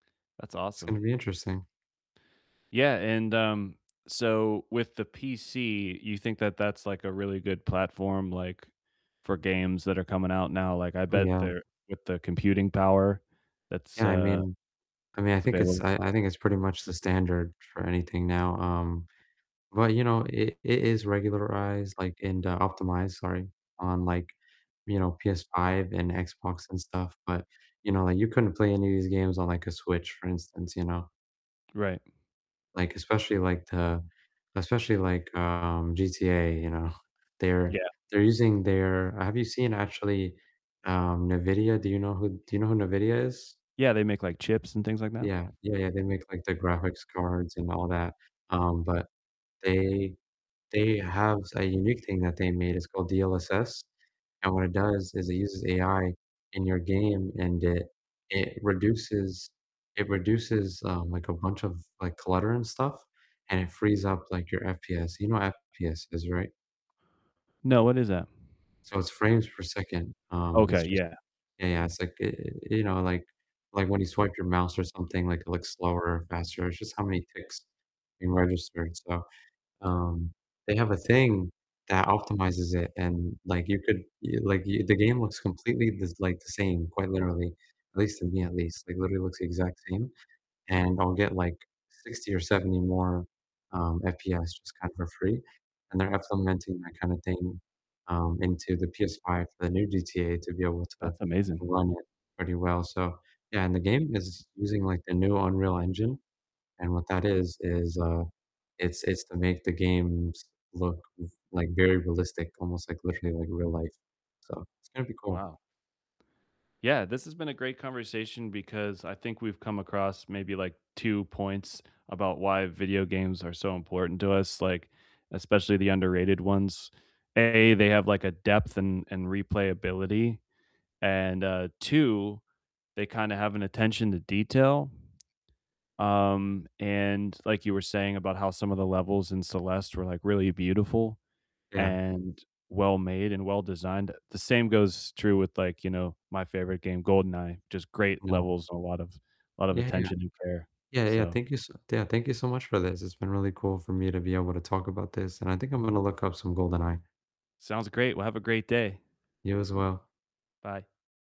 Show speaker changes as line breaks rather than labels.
That's
It's gonna
awesome.
be interesting.
Yeah, and, um, so, with the PC, you think that that's, like, a really good platform, like, for games that are coming out now, like, I
Oh,
bet
yeah.
they're with the computing power that's
Yeah, I
uh,
mean I mean, I
that’s
think it's
available.
I I think it's pretty much the standard for anything now, um, but, you know, it it is regularized, like and, uh, optimized, sorry, on, like, you know, PS5 and Xbox and stuff, but, you know, like you couldn't play any of these games on like a Switch, for instance, you know.
Right.
Like, especially like the especially like, um, GTA, you know, they're
Yeah.
they're using their have you seen actually, um, Nvidia? Do you know who do you know who Nvidia is?
Yeah, they make, like, chips and things like that.
Yeah, yeah, yeah, they make, like, the graphics cards, and all that, um, but they they have a unique thing that they made, it's called DLSS, and what it does is it uses AI in your game, and it it reduces it reduces, um, like, a bunch of like, clutter and stuff, and it frees up like your FPS, you know FPS is right?
No, what is that?
So, it's frames per second, um, it's
Okay,
just
yeah.
yeah, yeah, it's like, e e eh, you know, like like when you swipe your mouse or something, like it looks slower or faster, it's just how many ticks being registered, so, um, they have a thing that optimizes it, and, like, you could, y like, y the game looks completely just like, the same, quite literally, at least to me at least, like literally looks the exact same, and I'll get, like, 60 or 70 more, um, FPS just kind of for free, and they're implementing that kind of thing, um, into the PS5 for the new GTA to be able to
That's amazing.
run it pretty well, so yeah, and the game is using like the new Unreal Engine, and what that is is, uh, it's it's to make the games look f like, very realistic, almost, like, literally, like, real life, so, it's gonna be cool.
Wow. Yeah, this has been a great conversation because I think we've come across maybe like 2 points about why video games are so important to us, like, especially the underrated ones. A, they have like a depth and and replayability, and, uh, 2, they kinda have an attention to detail, um, and, like, you were saying about how some of the levels in Celeste were, like, really beautiful,
Yeah.
and well made, and well designed, uh, the same goes true with like, you know, my favorite game, GoldenEye, just great
No.
levels and a lot of lot of
Yeah, yeah, yeah.
attention and prayer,
Yeah, yeah,
so
thank you s yeah, thank you so much for this; it's been really cool for me to be able to talk about this, and I think I'm gonna look up some "GoldenEye."
Sounds, great, well, have a great day.
You as well.
Bye.